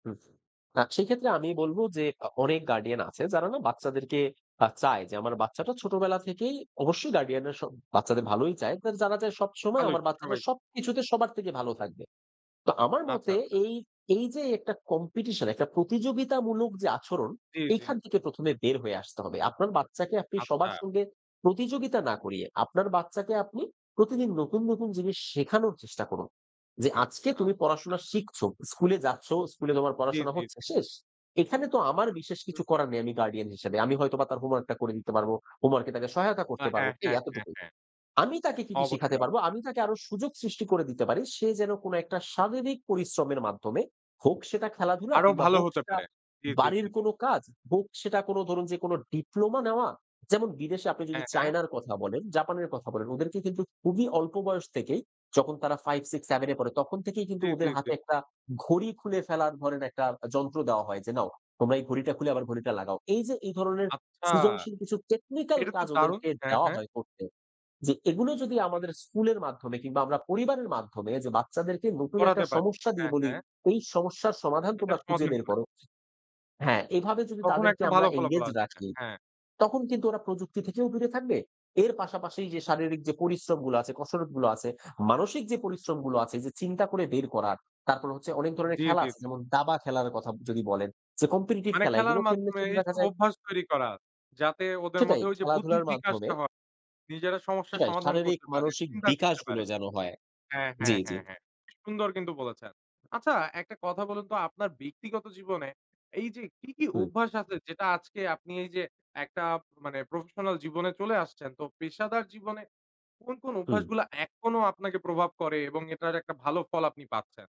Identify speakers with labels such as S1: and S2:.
S1: হুম। আ সেক্ষেত্রে আমি বলব যে, আ অনেক গার্ডিয়ান আছে যারা না? বাচ্চাদেরকে আ চায় যে, "আমার বাচ্চাটা ছোটবেলা থেকেই;" অবশ্যই গার্ডিয়ানরা সব বাচ্চাদের ভালোই চায়। তারা চায়, "সবসময়
S2: ভালোই,
S1: আমার বাচ্চাটা
S2: সবাই
S1: সবকিছুতে, সবার থেকে ভালো থাকবে।" তো আমার
S2: আচ্ছা,
S1: মতে,
S2: আচ্ছা।
S1: এই, এই যে একটা কম্পিটিশন ,একটা প্রতিযোগিতামূলক যে আচরণ,
S2: জি, জি।
S1: এইখান থেকে প্রথমে বের হয়ে আসতে হবে। আপনার বাচ্চাকে আপনি সবার
S2: আচ্ছা।
S1: সঙ্গে প্রতিযোগিতা না করিয়ে, আপনার বাচ্চাকে আপনি প্রতিদিন নতুন, নতুন জিনিস শেখানোর চেষ্টা করুন। যে "আজকে তুমি
S2: আচ্ছা, আচ্ছা।
S1: পড়াশোনা শিখছো। স্কুলে যাচ্ছো, স্কুলে তোমার
S2: জি,
S1: পড়াশোনা
S2: জি,
S1: হচ্ছে,"
S2: জি।
S1: শেষ। এখানে তো আমার বিশেষ
S2: হুম।
S1: কিছু করার নেই, আমি গার্ডিয়ান হিসেবে। আমি হয়তোবা তার হোমওয়ার্কটা করে দিতে পারবো, হোমওয়ার্ক এ তাকে সহায়তা
S2: না,
S1: করতে পারব।
S2: হ্যাঁ,
S1: এই
S2: হ্যাঁ, হ্যাঁ,
S1: এতটুকুই।
S2: হ্যাঁ।
S1: আমি তাকে কি, কি শিখাতে
S2: অবশ্যই,
S1: পারব?
S2: অবশ্যই।
S1: আমি তাকে আরও সুযোগ সৃষ্টি করে দিতে পারি। সে যেন কোনো একটা শারীরিক পরিশ্রমের মাধ্যমে, হোক সেটা খেলাধুলা,
S2: আরো
S1: কিংবা
S2: ভালো
S1: হোক
S2: হতে
S1: সেটা
S2: পারে। জি, জি, জি,
S1: বাড়ির
S2: জি।
S1: কোন কাজ, হোক সেটা কোনো ধরুন যে কোনো, ডিপ্লোমা নেওয়া। যেমন বিদেশে আপনি যদি
S2: হ্যাঁ, হ্যাঁ।
S1: চায়নার কথা বলেন, জাপানের কথা বলেন, ওদেরকে কিন্তু খুবই অল্প বয়স থেকেই যখন তারা 5, 6, 7 এ পড়ে, তখন থেকেই কিন্তু
S2: জি, জি,
S1: ওদের
S2: জি।
S1: হাতে একটা, ঘড়ি খুলে ফেলার ধরেন একটা যন্ত্র দেওয়া হয়। যে "নাও, তোমরা এই ঘড়িটা খুলে আবার ঘড়িটা লাগাও।" এই যে এই ধরনের
S2: আচ্ছা।
S1: সৃজনশীল কিছু টেকনিক্যাল
S2: এটা তো
S1: কাজ
S2: দারুন!
S1: ওদেরকে
S2: হ্যাঁ,
S1: দেওয়া
S2: হ্যাঁ।
S1: হয় করতে। যে এগুলো যদি আমাদের স্কুলের মাধ্যমে কিংবা আমরা পরিবারের মাধ্যমে যে, বাচ্চাদেরকে নতুন একটা
S2: করাতে পারি।
S1: সমস্যা দিয়ে
S2: হ্যাঁ,
S1: বলি,
S2: হ্যাঁ।
S1: "এই সমস্যার সমাধান
S2: এটা
S1: তোমরা খুঁজে
S2: সমাধান
S1: বের
S2: করে।
S1: করো" হ্যাঁ, এভাবে যদি
S2: তখন
S1: তাদেরকে
S2: একটা
S1: আমরা
S2: ভালো ফলাফল
S1: এনগেজ
S2: আসবে।
S1: রাখি,
S2: হ্যাঁ।
S1: তখন কিন্তু ওরা প্রযুক্তি থেকেও দূরে থাকবে। এর পাশাপাশি যে শারীরিক যে পরিশ্রমগুলো আছে, কসরতগুলো আছে, মানসিক যে পরিশ্রমগুলো আছে যে, চিন্তা করে বের করার, তারপর হচ্ছে অনেক ধরনের
S2: জি,
S1: খেলা
S2: জি,
S1: আছে
S2: জি।
S1: যেমন, দাবা খেলার কথা যদি বলেন যে, কম্পিটিটিভ
S2: মানে
S1: খেলা।
S2: খেলার
S1: এগুলো খেললে
S2: মাধ্যমে
S1: কিন্তু দেখা
S2: এইসব
S1: যায়
S2: অভ্যাস তৈরি করা। যাতে ওদের
S1: সেটাই।
S2: মধ্যে ওই যে বুদ্ধির
S1: খেলাধুলার মাধ্যমে
S2: বিকাশটা হ নিজেরা সমস্যার
S1: সেটাই,
S2: সমাধান
S1: শারীরিক
S2: করতে পারে,
S1: মানসিক
S2: চিন্তা করতে
S1: বিকাশগুলো
S2: পারে
S1: যেন হয়।
S2: হ্যাঁ,
S1: জি,
S2: হ্যাঁ,
S1: জি।
S2: হ্যাঁ, হ্যাঁ। সুন্দর কিন্তু বলেছেন। আচ্ছা, একটা কথা বলুন তো, আপনার ব্যক্তিগত জীবনে, এই যে কি, কি
S1: হুম।
S2: অভ্যাস আছে, যেটা আজকে আপনি এই যে একটা মানে, প্রফেশনাল জীবনে চলে আসছেন। তো পেশাদার জীবনে কোন, কোন
S1: হুম।
S2: অভ্যাসগুলো এখনো আপনাকে প্রভাব করে? এবং এটার একটা ভালো ফল আপনি পাচ্ছেন।